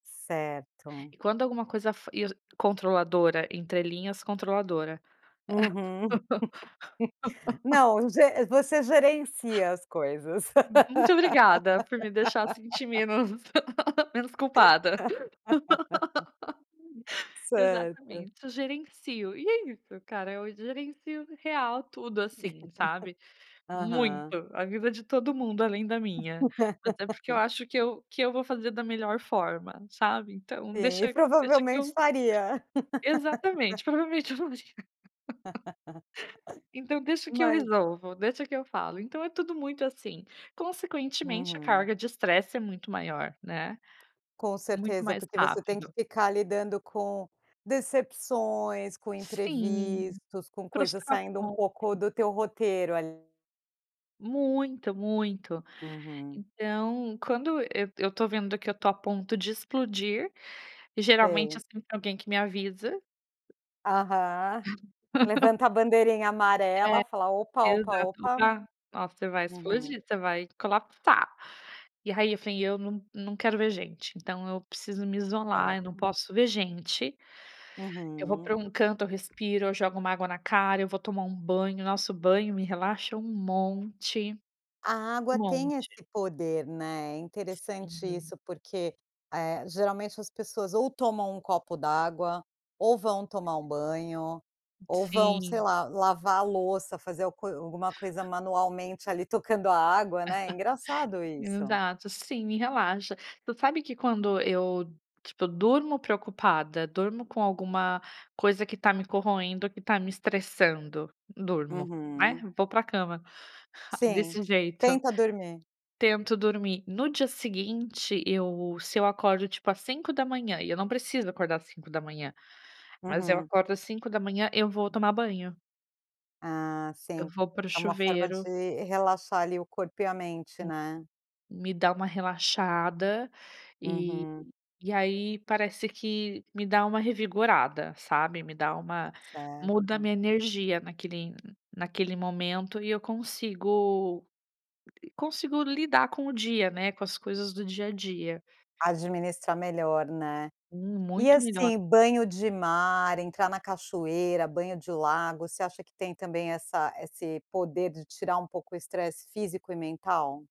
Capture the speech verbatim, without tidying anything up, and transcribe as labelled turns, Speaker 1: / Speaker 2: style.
Speaker 1: Certo.
Speaker 2: E quando alguma coisa fa ia controladora entre linhas controladora.
Speaker 1: Uhum. Não, ge você gerencia as coisas.
Speaker 2: Muito obrigada, por me deixar sentir menos menos culpada.
Speaker 1: Certo.
Speaker 2: Exatamente, eu gerencio, e é isso cara, eu gerencio real tudo assim, sabe, muito,
Speaker 1: Aham.
Speaker 2: a vida de todo mundo, além da minha. Até porque eu acho que eu que eu vou fazer da melhor forma, sabe. Então
Speaker 1: Sim, e
Speaker 2: deixa deixa que
Speaker 1: provavelmente
Speaker 2: eu
Speaker 1: faria.
Speaker 2: Exatamente, provavelmente eu não ia. Então, deixa que eu
Speaker 1: Mas
Speaker 2: resolvo, deixa que eu falo, então é tudo muito assim. Consequentemente a
Speaker 1: Uhum.
Speaker 2: carga de estresse é muito maior, né,
Speaker 1: Com
Speaker 2: muito
Speaker 1: certeza,
Speaker 2: mais
Speaker 1: porque você tem que
Speaker 2: rápido.
Speaker 1: ficar lidando com decepções, com
Speaker 2: Sim,
Speaker 1: imprevistos, com coisas saindo um
Speaker 2: frustração,
Speaker 1: pouco
Speaker 2: né.
Speaker 1: do teu roteiro, ali.
Speaker 2: Muito, muito.
Speaker 1: Uhum.
Speaker 2: Então, quando eu eu tô vendo que eu tô a ponto de explodir, geralmente é
Speaker 1: Sei.
Speaker 2: sempre alguém que me avisa
Speaker 1: Aham. Levanta a bandeirinha
Speaker 2: Eh,
Speaker 1: amarela, fala: "Opa, opa,
Speaker 2: exato, o
Speaker 1: opa".
Speaker 2: ga "Ó, você vai
Speaker 1: Uhum.
Speaker 2: explodir, você vai colapsar", e aí eu falei: "Eu não não quero ver gente.". Então, eu preciso me isolar, eu não
Speaker 1: Certo.
Speaker 2: posso ver gente, eu vou
Speaker 1: Uhum.
Speaker 2: pra um canto, eu respiro, eu jogo uma água na cara, eu vou tomar um banho, nossa, banho me relaxa um monte,
Speaker 1: A água
Speaker 2: um
Speaker 1: tem esse
Speaker 2: monte.
Speaker 1: poder, né, é interessante
Speaker 2: Sim.
Speaker 1: isso, porque, eh, geralmente as pessoas ou tomam um copo d'água, ou vão tomar um banho, ou vão, sei
Speaker 2: Sim.
Speaker 1: lá, lavar a louça, fazer algu co alguma coisa manualmente ali tocando a água, né, é engraçado isso.
Speaker 2: Exato, sim, me relaxa. Tu sabe que quando eu, tipo, durmo preocupada, durmo com alguma coisa que tá me corroendo, ou que tá me estressando, durmo, aí
Speaker 1: Uhum.
Speaker 2: vou pra cama,
Speaker 1: Sim,
Speaker 2: desse jeito.
Speaker 1: tenta dormir.
Speaker 2: Tento dormir, no dia seguinte, eu se eu acordo tipo às cinco da manhã, e eu não preciso acordar às cinco da manhã, mas eu
Speaker 1: Uhum.
Speaker 2: acordo às cinco da manhã, eu vou tomar banho.
Speaker 1: Ah,
Speaker 2: Eu
Speaker 1: sim,
Speaker 2: vou para o
Speaker 1: é uma forma
Speaker 2: chuveiro.
Speaker 1: de relaxar ali o corpo e a mente,
Speaker 2: Sim,
Speaker 1: né?
Speaker 2: me dá uma relaxada, e
Speaker 1: Uhum.
Speaker 2: e aí parece que me dá uma revigorada, sabe, me dá uma muda a
Speaker 1: Certo.
Speaker 2: minha energia naquele naquele momento e eu consigo co consigo lidar com o dia, né, com as coisas do dia a dia.
Speaker 1: Administrar melhor, né?
Speaker 2: Hum,
Speaker 1: E,
Speaker 2: muito melhor.
Speaker 1: assim, banho de mar, entrar na cachoeira, banho de lago, você acha que tem também essa esse poder de tirar um pouco o estresse físico e mental?